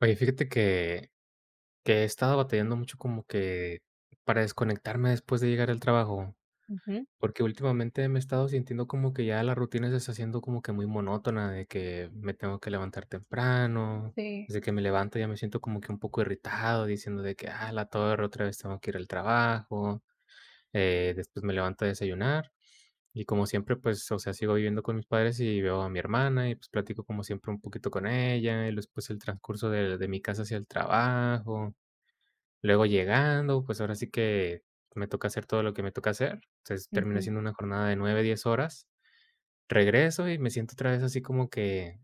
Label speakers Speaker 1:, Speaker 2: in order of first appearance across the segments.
Speaker 1: Oye, fíjate que que he estado batallando mucho, como que para desconectarme después de llegar del trabajo.
Speaker 2: Ujú.
Speaker 1: Porque últimamente me he estado sintiendo como que ya la rutina se está haciendo como que muy monótona de que me tengo que levantar temprano,
Speaker 2: Sí.
Speaker 1: de que me levanto ya me siento como que un poco irritado diciendo de que: "A la torre, otra vez tengo que ir al trabajo". Eh, después me levanto a desayunar, y como siempre, pues, o sea, sigo viviendo con mis padres y veo a mi hermana, y pues, platico como siempre un poquito con ella. Y después el transcurso de de mi casa hacia el trabajo. Luego llegando, pues, ahora sí que, me toca hacer todo lo que me toca hacer. Entonces, termina
Speaker 2: Ujú.
Speaker 1: siendo una jornada de 9, 10 horas, regreso y me siento otra vez así como que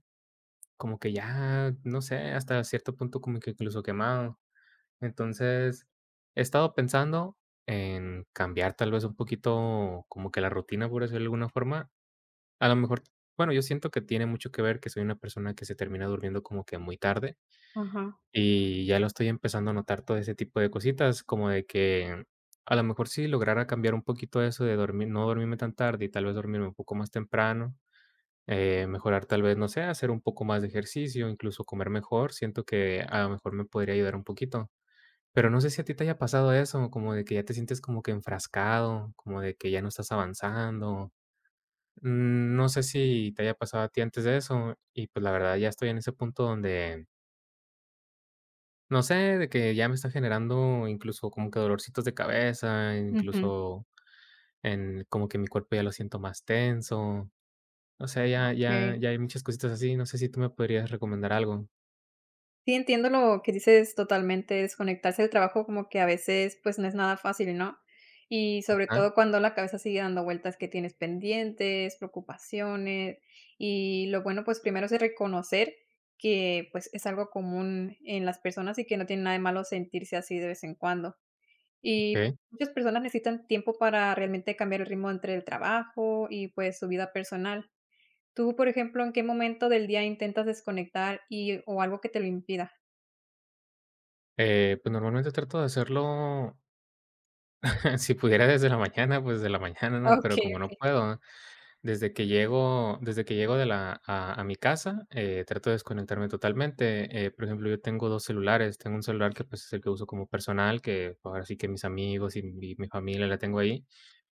Speaker 1: como que ya, no sé, hasta cierto punto, como que, incluso, quemado. Entonces, he estado pensando en cambiar tal vez, un poquito como que la rutina por eso de alguna forma a lo mejor. Bueno, yo siento que tiene mucho que ver, que soy una persona que se termina durmiendo como que muy tarde.
Speaker 2: Ajá.
Speaker 1: Y ya lo estoy empezando a notar todo ese tipo de cositas como de que, a lo mejor si lograra cambiar un poquito eso de dormir, no dormirme tan tarde. Y tal vez, dormirme un poco más temprano, eh, mejorar tal vez, no sé, hacer un poco más de ejercicio, incluso, comer mejor. Siento que a lo mejor me podría ayudar un poquito, pero, no sé, ¿si a ti te haya pasado eso?, como de que ya te sientes como que enfrascado, como de que ya no estás avanzando. Mm, no sé si te haya pasado a ti antes de eso, y pues la verdad, ya estoy en ese punto donde No sé de que ya me está generando, incluso, como que dolorcitos de cabeza,
Speaker 2: Ujú.
Speaker 1: incluso, en como que mi cuerpo ya lo siento más tenso. O sea, ya ya
Speaker 2: Okey.
Speaker 1: ya hay muchas cositas así. ¿No sé si tú me podrías recomendar algo?
Speaker 2: Sí, entiendo lo que dices, totalmente desconectarse del trabajo, como que a veces pues no es nada fácil, ¿no? Y sobre
Speaker 1: Ajá.
Speaker 2: todo cuando la cabeza sigue dando vueltas, que tienes pendientes, preocupaciones. Y lo bueno, pues primero es reconocer que pues es algo común en las personas y que no tiene nada de malo sentirse así de vez en cuando. Y
Speaker 1: Okey.
Speaker 2: muchas personas necesitan tiempo para realmente cambiar el ritmo entre el trabajo y pues su vida personal. Tú, por ejemplo, ¿en qué momento del día intentas desconectar, y o algo que te lo impida?
Speaker 1: Eh, pues, normalmente trato de hacerlo si pudiera desde la mañana, pues, desde la mañana, ¿no?, pero
Speaker 2: Okey,
Speaker 1: como no
Speaker 2: okey.
Speaker 1: puedo. Desde que llego desde que llego de la a a mi casa, eh, trato de desconectarme totalmente. Eh, por ejemplo, yo tengo dos celulares. Tengo un celular que, pues, es el que uso como personal, que ahora sí que mis amigos y mi familia la tengo ahí.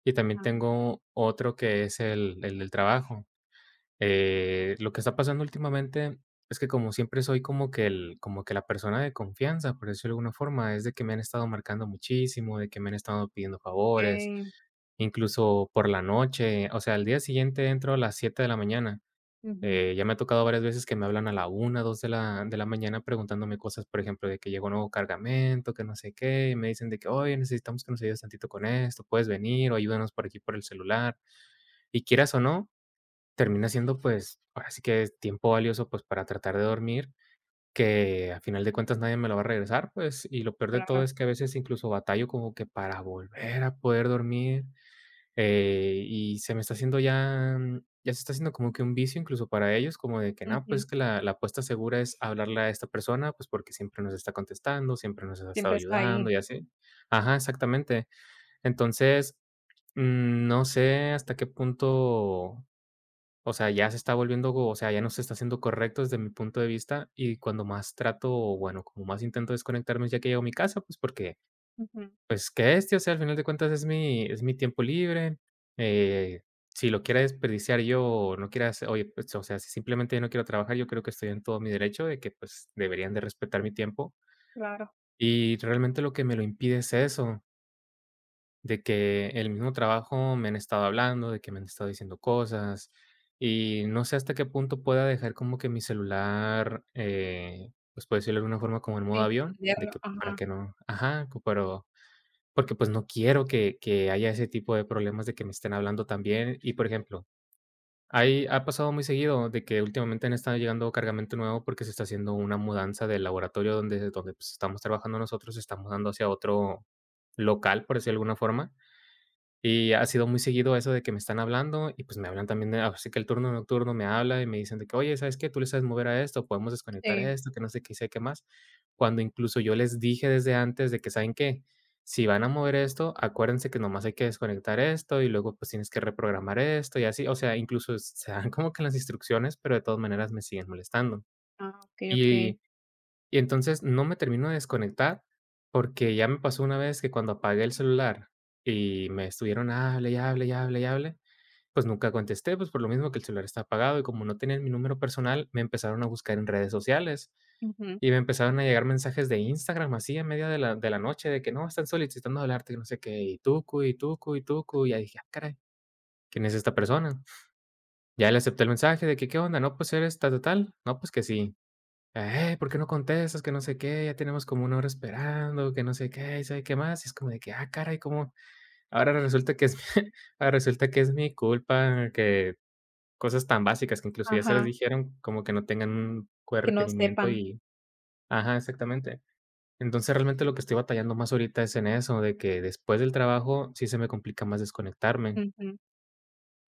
Speaker 1: Y también
Speaker 2: Ujú.
Speaker 1: tengo otro que es el el del trabajo. Eh, lo que está pasando últimamente es que como siempre soy como que el como que la persona de confianza, por decirlo de alguna forma, es de que me han estado marcando muchísimo de que me han estado pidiendo favores,
Speaker 2: Okey.
Speaker 1: incluso, por la noche. O sea, al día siguiente entro a las 7 de la mañana,
Speaker 2: Ujú.
Speaker 1: eh, ya me ha tocado varias veces que me hablan a la 1, 2 de la mañana, preguntándome cosas, por ejemplo, de que llegó 1 nuevo cargamento, que no sé qué, y me dicen de que: "Oye, necesitamos que nos ayudes tantito con esto, ¿puedes venir. o ayúdanos por aquí por el celular?". Y quieras o no, termina siendo, pues, ahora sí que es tiempo valioso, pues, para tratar de dormir, que al final de cuentas nadie me lo va a regresar, pues. Y lo peor de todo
Speaker 2: Claro.
Speaker 1: es que a veces incluso, batallo como que para volver a poder dormir. Eh, y se me está haciendo ya ya se está haciendo como que un vicio, incluso, para ellos, como de que no, pues,
Speaker 2: Ujú.
Speaker 1: es que la la apuesta segura es hablarle a esta persona, pues, porque siempre nos está contestando, siempre nos ha estado
Speaker 2: Siempre está
Speaker 1: ayudando
Speaker 2: ahí.
Speaker 1: y así. Ajá, exactamente. Entonces, no sé hasta qué punto, o sea, ya se está volviendo, o sea, ya no se está haciendo correcto desde mi punto de vista y cuando más trato, bueno, como más intento desconectarme ya que llego a mi casa, pues, porque
Speaker 2: Ujú.
Speaker 1: pues, que este, o sea, al final de cuentas es mi es mi tiempo libre, eh, si lo quieres desperdiciar yo, o no quieras oye, pues o sea, simplemente yo no quiero trabajar, yo creo que estoy en todo mi derecho de que pues deberían de respetar mi tiempo
Speaker 2: Claro.
Speaker 1: y realmente lo que me lo impide es eso. De que, el mismo trabajo, me han estado hablando, de que me han estado diciendo cosas. Y, no sé, hasta qué punto pueda dejar, como que mi celular, eh, pues, por decirlo de alguna forma, como en modo
Speaker 2: Sí,
Speaker 1: avión de
Speaker 2: entenderlo,
Speaker 1: que para
Speaker 2: ajá.
Speaker 1: que no ajá, pero, porque, pues, no quiero que que haya ese tipo de problemas, de que me estén hablando también. Y, por ejemplo, ahí, ha pasado muy seguido, de que últimamente, han estado llegando cargamento nuevo, porque se está haciendo una mudanza del laboratorio donde donde, pues, estamos trabajando nosotros, se está mudando hacia otro local, por decirlo de alguna forma, y ha sido muy seguido eso de que me están hablando. Y, pues, me hablan, también así que el turno nocturno me habla, y me dicen de que: "Oye, ¿sabes qué?, tú le sabes mover a esto, podemos desconectar
Speaker 2: Sí.
Speaker 1: esto, que no sé qué, sé qué más", cuando, incluso, yo les dije desde antes de que: "Saben que, si van a mover esto, acuérdense que nomás hay que desconectar esto y luego, pues, tienes que reprogramar esto y así". O sea, incluso s se dan como que las instrucciones, pero de todas maneras me siguen molestando,
Speaker 2: Ah, okey, okey.
Speaker 1: y y entonces, no me termino de desconectar, porque ya me pasó una vez que cuando apagué el celular y me estuvieron, hable y, hable y, hable y, hable, pues, nunca contesté, pues, por lo mismo que el celular está apagado, y como no tenían mi número personal, me empezaron a buscar en redes sociales,
Speaker 2: Ujú.
Speaker 1: y me empezaron a llegar mensajes de Instagram, así en medio de la de la noche de que: "No, están solicitando hablarte, y no sé qué, y tucu, y tucu, y tucu", y ya dije: "Ah, caray, ¿quién es esta persona?", ya le acepto, el mensaje de que: "¿Qué onda?, no, pues, ¿eres tal o tal?, no, pues que sí, ¡eh!, ¿por qué no contestas?, que no sé qué, ya tenemos como 1 hora esperando, que no sé, qué y sabe qué más", es como de que: "Ah, caray", como ahora resulta que es ahora resulta que es mi culpa que, cosas tan básicas, que incluso, ya se les
Speaker 2: Ajá.
Speaker 1: dijeron como que no tengan un buen
Speaker 2: Que no
Speaker 1: retenimiento
Speaker 2: sepan.
Speaker 1: y ajá, exactamente, entonces, realmente lo que estoy batallando más ahorita es en eso, de que después del trabajo, sí, se me complica más desconectarme.
Speaker 2: Ujú,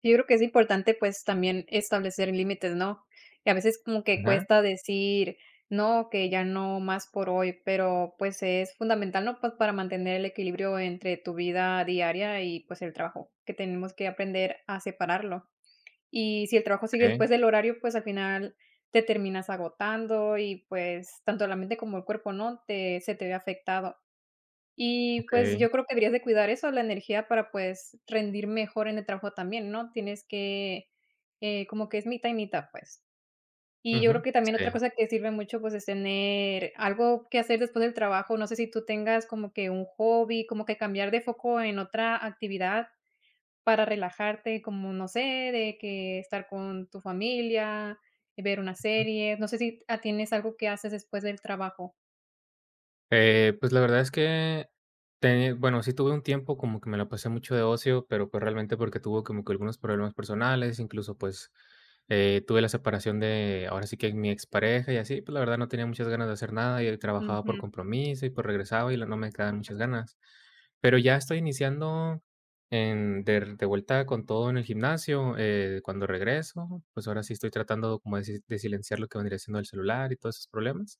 Speaker 2: yo creo que es importante, pues, también establecer límites, ¿no? Y a veces, como que
Speaker 1: Ajá.
Speaker 2: cuesta decir: "No, que ya no más por hoy", pero, pues, es fundamental, ¿no?, pues, para mantener el equilibrio entre tu vida diaria y, pues, el trabajo, que tenemos que aprender a separarlo, y, si el trabajo sigue
Speaker 1: Okey.
Speaker 2: después del horario, pues, al final, te terminas agotando y, pues, tanto la mente, como el cuerpo, ¿no?, te se te ve afectado. Y pues,
Speaker 1: Okey.
Speaker 2: yo creo que, habrías de cuidar eso de la energía para, pues, rendir mejor en el trabajo también, ¿no? Tienes que, eh, como que es mitad y mitad, pues, y yo creo
Speaker 1: Ujú,
Speaker 2: que, también otra
Speaker 1: sí.
Speaker 2: cosa que sirve mucho, pues, es tener algo que hacer después del trabajo, no sé, si tú tengas como que, un hobby, como que cambiar de foco en otra actividad para relajarte, como, no sé, de que, estar con tu familia, y ver una
Speaker 1: Ujú.
Speaker 2: serie, no sé, si t ah, tienes algo que haces después del trabajo.
Speaker 1: Eh, pues, la verdad es que teni bueno, sí, tuve un tiempo como que me lo pasé mucho de ocio, pero, pues, realmente porque tuve como que algunos problemas personales. Incluso, pues, eh, tuve la separación de ahora sí que mi ex pareja y así. Pues, la verdad, no tenía muchas ganas de hacer nada, y trabajaba por
Speaker 2: Ujú.
Speaker 1: compromiso y pues regresaba y luego no me quedaban muchas ganas. Pero ya estoy iniciando de de vuelta con todo en el gimnasio, eh, cuando regreso, pues, ahora sí estoy tratando como de silenciar lo que vendría siendo el celular y todos esos problemas,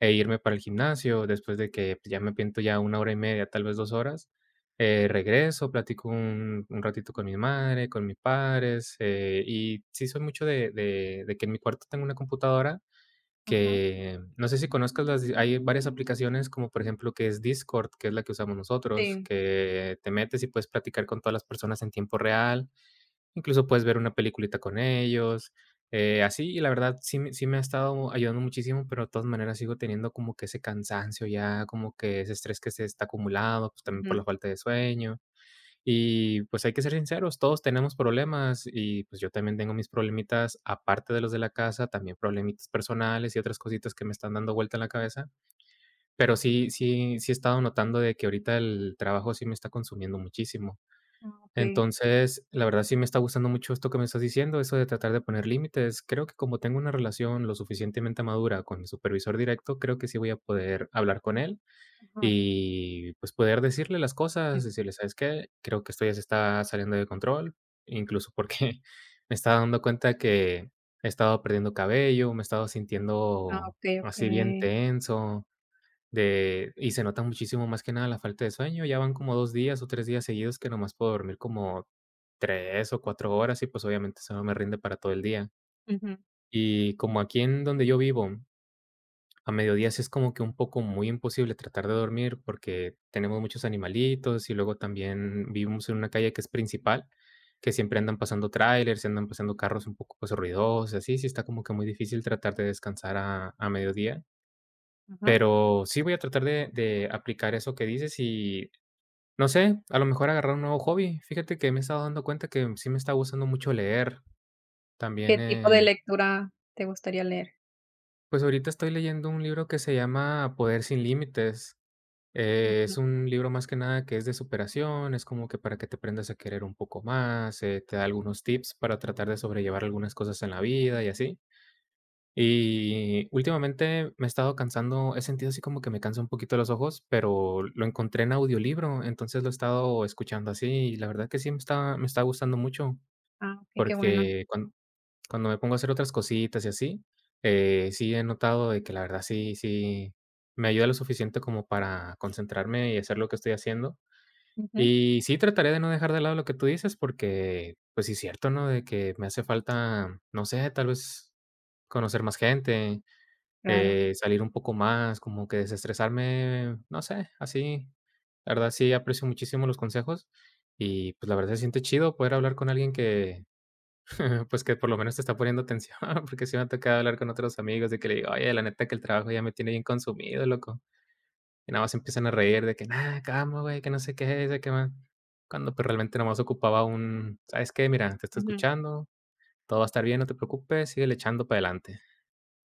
Speaker 1: e irme para el gimnasio. Después de que, pues, ya me pinto ya 1 hora y media, tal vez 2 horas, eh regreso, platico un un ratito con mi madre, con mi padre. E,h, y sí soy mucho de de de que en mi cuarto tengo una computadora
Speaker 2: Ajá.
Speaker 1: que no sé si conozcas, hay varias aplicaciones como por ejemplo, que es Discord, que es la que usamos nosotros,
Speaker 2: Sí.
Speaker 1: que te metes y puedes platicar con todas las personas en tiempo real, incluso, puedes ver una peliculita con ellos, eh así. Y la verdad, sí mi sí, me ha estado ayudando muchísimo, pero de todas maneras sigo teniendo como que ese cansancio, ya como que ese estrés que se está acumulado, pues también por
Speaker 2: Ujú.
Speaker 1: la falta de sueño. Y pues hay que ser sinceros, todos tenemos problemas, y pues, yo también tengo mis problemitas, aparte de los de la casa, también problemitas personales y otras cositas que me están dando vuelta en la cabeza. Pero sí sí sí he estado notando de que ahorita el trabajo sí me está consumiendo muchísimo.
Speaker 2: Okey.
Speaker 1: Entonces, la verdad sí me está gustando mucho esto que me estás diciendo, eso de tratar de poner límites. Creo que como tengo una relación lo suficientemente madura con mi supervisor directo, creo que sí voy a poder hablar con él,
Speaker 2: Ujú.
Speaker 1: y pues poder decirle las
Speaker 2: Mm.
Speaker 1: cosas, y decirle: "¿Sabes qué?, creo que esto ya se está saliendo de control", incluso, porque me estaba dando cuenta que he estado perdiendo cabello, me he estado
Speaker 2: Ah,
Speaker 1: sintiendo
Speaker 2: okey,
Speaker 1: así bien
Speaker 2: okey.
Speaker 1: tenso de y se nota muchísimo más que nada la falta de sueño. Ya van como 2 días o 3 días seguidos que nomás puedo dormir como 3 o 4 horas, y pues obviamente eso no me rinde para todo el día.
Speaker 2: Ujú.
Speaker 1: Y como aquí en donde yo vivo, a mediodía es como que un poco muy imposible tratar de dormir, porque tenemos muchos animalitos. Y luego también vivimos en una calle que es principal, que siempre andan pasando tráilers, y andan pasando carros un poco ruidosos y así. Sí está como que muy difícil tratar de descansar a a mediodía.
Speaker 2: Ajá.
Speaker 1: Pero sí voy a tratar de de aplicar eso que dices, y no sé, a lo mejor agarrar un nuevo hobby. Fíjate que me he estado dando cuenta que sí me está gustando mucho leer,
Speaker 2: ¿Qué
Speaker 1: también
Speaker 2: tipo de
Speaker 1: el
Speaker 2: lectura te gustaría leer?
Speaker 1: Pues, ahorita estoy leyendo un libro que se llama "Poder sin límites". Eh,
Speaker 2: Ujú.
Speaker 1: es un libro más que nada, que es de superación. Es como que para que te aprendas a querer un poco más, eh, te da algunos tips para tratar de sobrellevar algunas cosas en la vida y así. Y últimamente me he estado cansando He sentido así como que me cansa un poquito los ojos, pero lo encontré en audiolibro. Entonces, lo he estado escuchando así. Y la verdad que sí me está me está gustando mucho,
Speaker 2: Ah, y qué bueno.
Speaker 1: porque cuan cuando me pongo a hacer otras cositas y así, eh, sí he notado de que la verdad sí, sí me ayuda lo suficiente como para concentrarme, y hacer lo que estoy haciendo.
Speaker 2: Ujú.
Speaker 1: Y sí trataré de no dejar de lado lo que tú dices, porque pues si es cierto ¿no?, de que me hace falta, no sé, tal vez, conocer más gente,
Speaker 2: Claro.
Speaker 1: eh, salir un poco más, como que desestresarme, no sé, así. La verdad sí aprecio muchísimo los consejos, y pues, la verdad se siente chido poder hablar con alguien que pues, que por lo menos te está poniendo atención porque sí me ha tocado hablar con otros amigos, de que le digo: "Oye, la neta que el trabajo ya me tiene bien consumido loco". Y nada más se empiezan a reír de que: "Nada, calma, güey, que no sé qué y si que más". Cuando pues realmente nada más ocupaba un: "¿Sabes qué? Mira, te estoy
Speaker 2: Ujú.
Speaker 1: escuchando. Todo va a estar bien. No te preocupes. Síguele echando para adelante".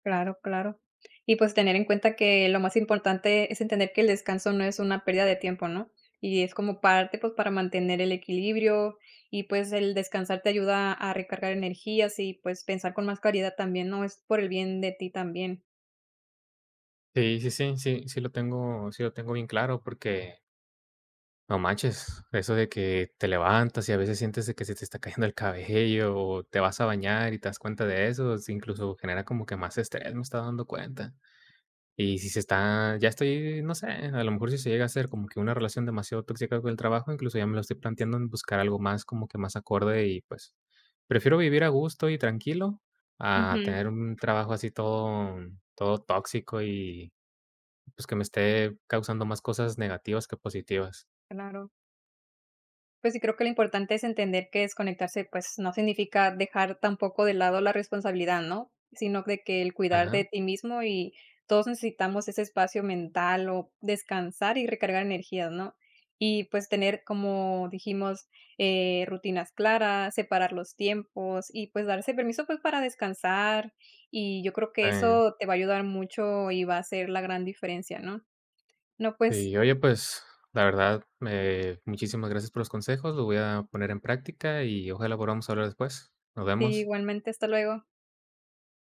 Speaker 2: Claro, claro. Y pues, tener en cuenta que lo más importante es entender que el descanso no es una pérdida de tiempo, ¿no? Y es como parte, pues para mantener el equilibrio. Y pues el descansar te ayuda a recargar energías, y pues, pensar con más claridad también, ¿no? Es por el bien de ti también.
Speaker 1: Sí, sí, sí, sí, sí, lo tengo sí lo tengo bien claro, porque no manches, eso de que te levantas y, a veces, sientes de que, se te está cayendo el cabello, o te vas a bañar, y te das cuenta de eso, sí incluso genera como que más estrés, me estoy dando cuenta, y si se está ya estoy, no sé, a lo mejor, si se llega a ser, como que, una relación demasiado tóxica con el trabajo, incluso ya me lo estoy planteando en buscar algo más, como que, más acorde y, pues, prefiero vivir a gusto y tranquilo a
Speaker 2: Ujú.
Speaker 1: tener un trabajo así todo todo tóxico y, pues, que me esté causando más cosas negativas que positivas.
Speaker 2: Claro. Pues sí, creo que, lo importante es entender que desconectarse, pues, no significa dejar tampoco de lado la responsabilidad, ¿no?, sino de que el cuidar de
Speaker 1: Ajá.
Speaker 2: ti mismo, y todos necesitamos, ese espacio mental, o descansar y recargar energías, ¿no?, y, pues, tener como, dijimos, eh, rutinas claras, separar los tiempos y, pues, darse permiso, pues, para descansar, y yo creo, que
Speaker 1: Sí.
Speaker 2: eso te va a ayudar mucho y va a ser la gran diferencia, ¿no? No, pues
Speaker 1: Sí, oye, pues, la verdad, me muchísimas gracias por los consejos, lo voy a poner en práctica y ojalá podamos hablar después, nos
Speaker 2: Sí,
Speaker 1: vemos.
Speaker 2: igualmente, hasta luego.